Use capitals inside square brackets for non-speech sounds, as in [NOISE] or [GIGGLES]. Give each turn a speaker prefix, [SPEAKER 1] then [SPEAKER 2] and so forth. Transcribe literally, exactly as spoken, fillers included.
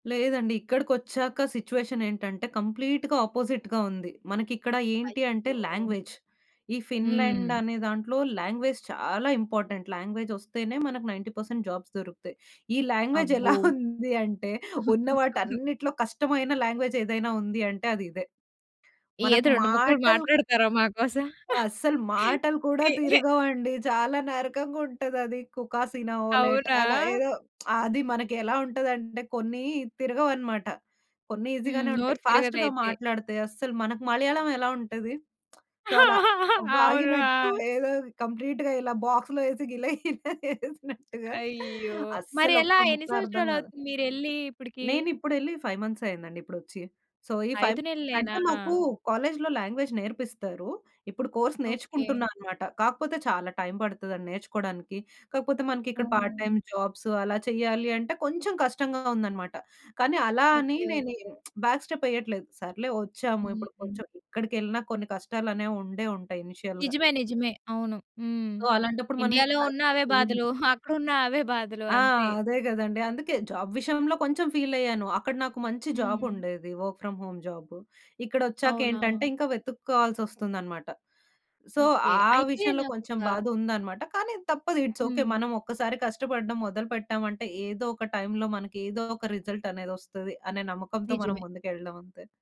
[SPEAKER 1] లేదండి. ఇక్కడికొచ్చాక సిట్యుయేషనేంటంటే కంప్లీట్‌గా ఆపోజిట్‌గా ఉంది. మనకిక్కడ ఏంటి అంటే
[SPEAKER 2] అయ్యో!
[SPEAKER 1] లాంగ్వేజ్. ఈ ఫిన్‌లాండ్
[SPEAKER 2] హ్మ్.
[SPEAKER 1] అనే దాంట్లో లాంగ్వేజ్ చాలా ఇంపార్టెంట్. లాంగ్వేజ్ ఒస్తేనే మనకు నైన్టీ పర్సెంట్ జాబ్స్ దొరుకుతాయి. ఈ లాంగ్వేజ్
[SPEAKER 2] అబ్బో!
[SPEAKER 1] ఎలా ఉంది అంటే, ఉన్న
[SPEAKER 2] [CHUCKLES]
[SPEAKER 1] వాటన్నిటిలో కష్టమైన లాంగ్వేజ్ ఏదైనా ఉంది అంటే అది ఇదే. మనకు
[SPEAKER 2] ఏది రెండు ముక్కలు
[SPEAKER 1] మాటలు
[SPEAKER 2] మాట్లాడుతారా మా కోసం?
[SPEAKER 1] అస్సలు మాటలు కూడా
[SPEAKER 2] తే
[SPEAKER 1] తిరగవండి. చాలా నరకంగా ఉంటదది. కుకాసీనవొలెట్
[SPEAKER 2] అవునా?
[SPEAKER 1] అలా ఏదో. [SMACKS LIPS] అది మనకి ఎలా ఉంటదంటే, కొన్ని తిరగవన్నమాట. కొన్ని
[SPEAKER 2] హ్మ్.
[SPEAKER 1] ఈసీగానే ఉంటాయి.
[SPEAKER 2] నోరు
[SPEAKER 1] ఫాస్ట్‌గా
[SPEAKER 2] తిరగదయితే.
[SPEAKER 1] మాట్లాడితే అస్సలు మనకి మలయాళం ఎలా ఉంటది? [SMACKS LIPS] సో, అలా
[SPEAKER 2] [LAUGHS] అవును.
[SPEAKER 1] వాగినట్టు
[SPEAKER 2] ఆ!
[SPEAKER 1] ఏదో కంప్లీట్‌గా ఇలా బాక్స్‌లో ఏసి గిల గిల ఏసినట్టుగా
[SPEAKER 2] అయ్యో!
[SPEAKER 1] అస్సలు
[SPEAKER 2] మరెలా
[SPEAKER 1] ఒక్క
[SPEAKER 2] ఎన్ని
[SPEAKER 1] ముక్క అర్థం గాదు.
[SPEAKER 2] సంవత్సరాలవుతుంది మీరెళ్లి ఇప్పటికి?
[SPEAKER 1] నేనిప్పుడెళ్లి ఫైవ్ మంత్స్ అయిందండి ఇప్పుడొచ్చి. సో, ఈ
[SPEAKER 2] ఐదు
[SPEAKER 1] ఫైవ్
[SPEAKER 2] నెలలేనా?
[SPEAKER 1] అంటే మాకు కాలేజీలో లాంగ్వేజ్ నేర్పిస్తారు. ఇప్పుడు కోర్స్
[SPEAKER 2] ఓకే.
[SPEAKER 1] నేర్చుకుంటున్నా అన్నమాట. కాకపోతే చాలా టైం పడతదండి నేర్చుకోవడానికి. కాపోతే మనకిక్కడ పార్ట్
[SPEAKER 2] ఓహ్!
[SPEAKER 1] టైమ్ జాబ్స్ అలా చేయాలి అంటే కొంచెం కష్టంగా ఉందన్నమాట. కానీ అలా అని
[SPEAKER 2] ఓకే.
[SPEAKER 1] నేను
[SPEAKER 2] ఓకే.
[SPEAKER 1] [SMACKS LIPS] Back step వెయ్యట్లేదు. సర్లే వచ్చాము ఇప్పుడు
[SPEAKER 2] హ్మ్.
[SPEAKER 1] కొంచెం ఎక్కడికెళ్ళిన కొన్ని కష్టాలనేవి ఉండే ఉంటాయి ఇనీషియల్‌గా.
[SPEAKER 2] నిజమే. నిజమే. అవును. హ్మ్.
[SPEAKER 1] సో, అలాంటప్పుడు మనం ఇంకా
[SPEAKER 2] ఇండియాలో
[SPEAKER 1] బ్యాక్
[SPEAKER 2] ఉన్న
[SPEAKER 1] స్టెప్
[SPEAKER 2] అవే
[SPEAKER 1] వెయ్యము.
[SPEAKER 2] బాధలు, [GIGGLES] అక్కడున్నా అవే బాధలు.
[SPEAKER 1] ఆ!
[SPEAKER 2] అంతే.
[SPEAKER 1] అదే గదండీ! అందుకే జాబ్ విషయంలో కొంచెం ఫీలయ్యాను. అక్కడ నాకు మంచి జాబ్
[SPEAKER 2] హ్మ్.
[SPEAKER 1] ఉండేది, వర్క్ ఫ్రామ్ హోమ్ జాబ్. ఇక్కడొచ్చాక ఏంటంటే,
[SPEAKER 2] అవునా?
[SPEAKER 1] ఇంకా వెతుక్కోవాల్సి వస్తుందన్నమాట. So,
[SPEAKER 2] okay.
[SPEAKER 1] ఆ
[SPEAKER 2] అయితే
[SPEAKER 1] విషయంలో కొంచెం
[SPEAKER 2] నాకొక
[SPEAKER 1] బాధ ఉందన్నమాట. కానీ తప్పదు. It's okay.
[SPEAKER 2] హ్మ్.
[SPEAKER 1] మనం ఒక్కసారి కష్టపడడం మొదలుపెట్టామంటే, ఏదో ఒక టైంలో మనకి ఏదో ఒక రిజల్ట్ అనేది ఒస్తది అనే నమ్మకంతో మనం
[SPEAKER 2] నిజమే.
[SPEAKER 1] ముందుకెళ్ళడం అంతే.